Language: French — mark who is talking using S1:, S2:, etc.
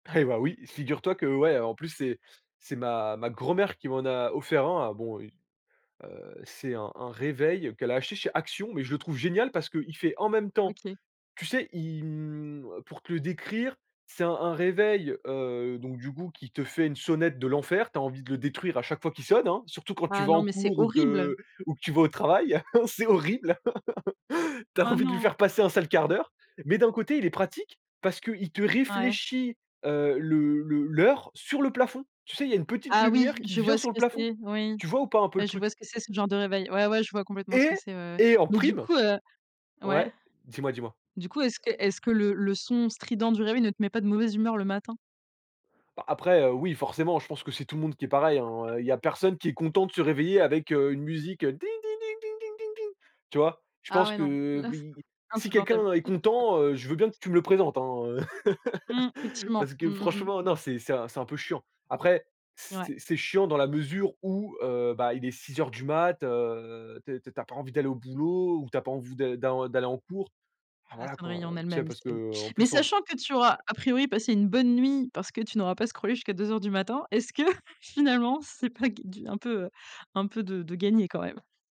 S1: Eh bah, oui, figure-toi que ouais, en plus c'est c'est ma ma grand-mère qui m'en a offert un, heu. Bon, heu, c'est un un réveil qu'elle a acheté chez Action, mais je le trouve génial parce qu'il fait en même temps
S2: OK.
S1: tu sais, il, hem, pour te le décrire, c'est un un réveil, heu, donc du coup qui te fait une sonnette de l'enfer, tu as envie de le détruire à chaque fois qu'il sonne, hein, surtout quand tu
S2: Ah
S1: vas
S2: non
S1: en
S2: mais c'est
S1: cours ou
S2: horrible!
S1: que ou que tu vas au travail, c'est horrible. Tu as
S2: Oh
S1: envie de lui
S2: non!
S1: faire passer un sale quart d'heure mais d'un côté il est pratique parce qu'il te
S2: Ouais.
S1: réfléchit, heu, le le l'heure sur le plafond. Tu sais, il y a une petite
S2: Ah oui!
S1: lumière qui
S2: Je vois
S1: vient
S2: ce
S1: sur le
S2: que
S1: plafond.
S2: c'est, oui.
S1: Tu vois ou pas un peu le
S2: Ouais, je vois
S1: truc?
S2: ce que c'est, ce genre de réveil. Ouais, ouais je vois complètement ce
S1: Et
S2: que c'est, ouais, ouais.
S1: et en
S2: Mais du
S1: prime
S2: coup heu ouais
S1: ouais? Dis-moi, dis-moi?
S2: du coup est-ce que est-ce que le le son strident du réveil ne te met pas de mauvaise humeur le matin?
S1: Bah, après, heu, oui forcément, je pense que c'est tout le monde qui est pareil,
S2: [unintelligible]
S1: hein? Il y a personne qui est content de se réveiller avec, heu, une musique, heu, ding, ding, ding, ding, ding, ding, ding, tu vois? Je
S2: Ah
S1: pense
S2: ouais
S1: que,
S2: non,
S1: heu,
S2: là c'est,
S1: oui, si
S2: insupportable.
S1: quelqu'un est content, heu, je veux bien que tu me le présentes, hein, heu
S2: Mmh. Effectivement.
S1: parce
S2: Mmh.
S1: que
S2: Mmh. Mmh.
S1: franchement non, c'est c'est un c'est un peu chiant. Après,
S2: Ouais.
S1: c'est c'est chiant dans la mesure où, heu, bah il est 6:00 heures du matin, heu, tu es tu as pas envie d'aller au boulot ou tu as pas envie de d'en d'aller en cours. Bah,
S2: La
S1: voilà
S2: sonnerie
S1: quoi,
S2: en
S1: tu sais,
S2: elle-même,
S1: parce
S2: c'est
S1: qu'en
S2: mais
S1: plus en
S2: sachant
S1: ce
S2: que tu auras, a priori, passé une bonne nuit parce que tu n'auras pas scrollé jusqu'à 2:00 heures du matin, est-ce que finalement c'est pas ga un peu, heu, un peu de de gagné quand même?